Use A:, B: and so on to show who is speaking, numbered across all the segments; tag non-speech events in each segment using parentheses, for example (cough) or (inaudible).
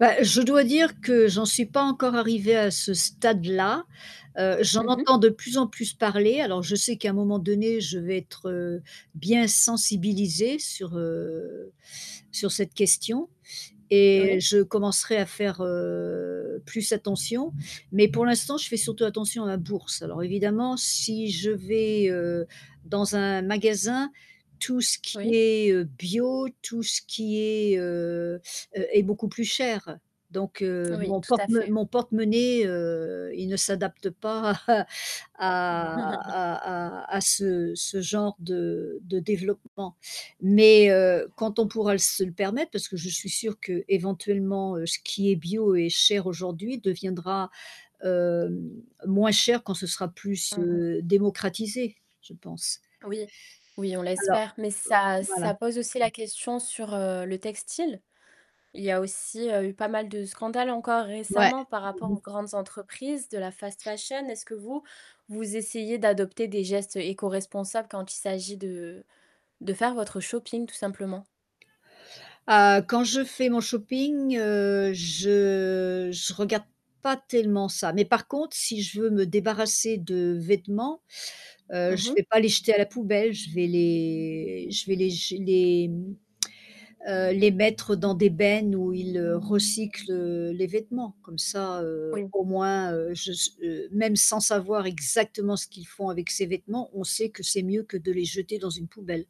A: Bah, je dois dire que j'en suis pas encore arrivée à ce stade-là. Heu, j'en
B: Mmh mh.
A: entends de plus en plus parler. Alors, je sais qu'à un moment donné, je vais être, heu, bien sensibilisée sur, heu, sur cette question et
B: Oui.
A: je commencerai à faire, heu, plus attention. Mais pour l'instant, je fais surtout attention à ma bourse. Alors évidemment, si je vais, heu, dans un magasin, tout ce qui
B: Oui.
A: est, heu, bio, tout ce qui est, heu, heu est beaucoup plus cher. Donc heu,
B: Oui,
A: mon
B: tout
A: porte
B: à
A: mo
B: fait.
A: mon porte-monnaie, heu, il ne s'adapte pas à à
B: (chuckles)
A: à à à ce ce genre de de développement. Mais heu, quand on pourra l se le permettre, parce que je suis sûre qu'éventuellement, heu, ce qui est bio et cher aujourd'hui deviendra, hem, moins cher quand ce sera plus,
B: Mmh mh.
A: heu, démocratisé, je pense.
B: Oui, oui, on
A: Alors,
B: l'espère, mais
A: heu
B: ça
A: voilà.
B: ça pose aussi la question sur, heu, le textile. Il y a aussi, heu, eu pas mal de scandales encore
A: Ouais.
B: récemment par rapport
A: Mmh mh.
B: aux grandes entreprises de la fast fashion. Est-ce que vous, vous essayez d'adopter des gestes éco-responsables quand il s'agit de de faire votre shopping, tout simplement?
A: Ah, quand je fais mon shopping, heu, je je regarde pas tellement ça, mais par contre, si je veux me débarrasser de vêtements, heu,
B: Mmh
A: je
B: mh.
A: vais pas les jeter à la poubelle, je vais les je vais les jé les, mmh, heu, les mettre dans des bennes où ils recyclent, heu, les vêtements. Comme ça, heu,
B: Oui.
A: au moins, heu, je s heu, même sans savoir exactement ce qu'ils font avec ces vêtements, on sait que c'est mieux que de les jeter dans une poubelle.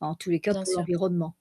A: Enfin en tous les cas
B: Bien
A: pour
B: sûr.
A: l'environnement.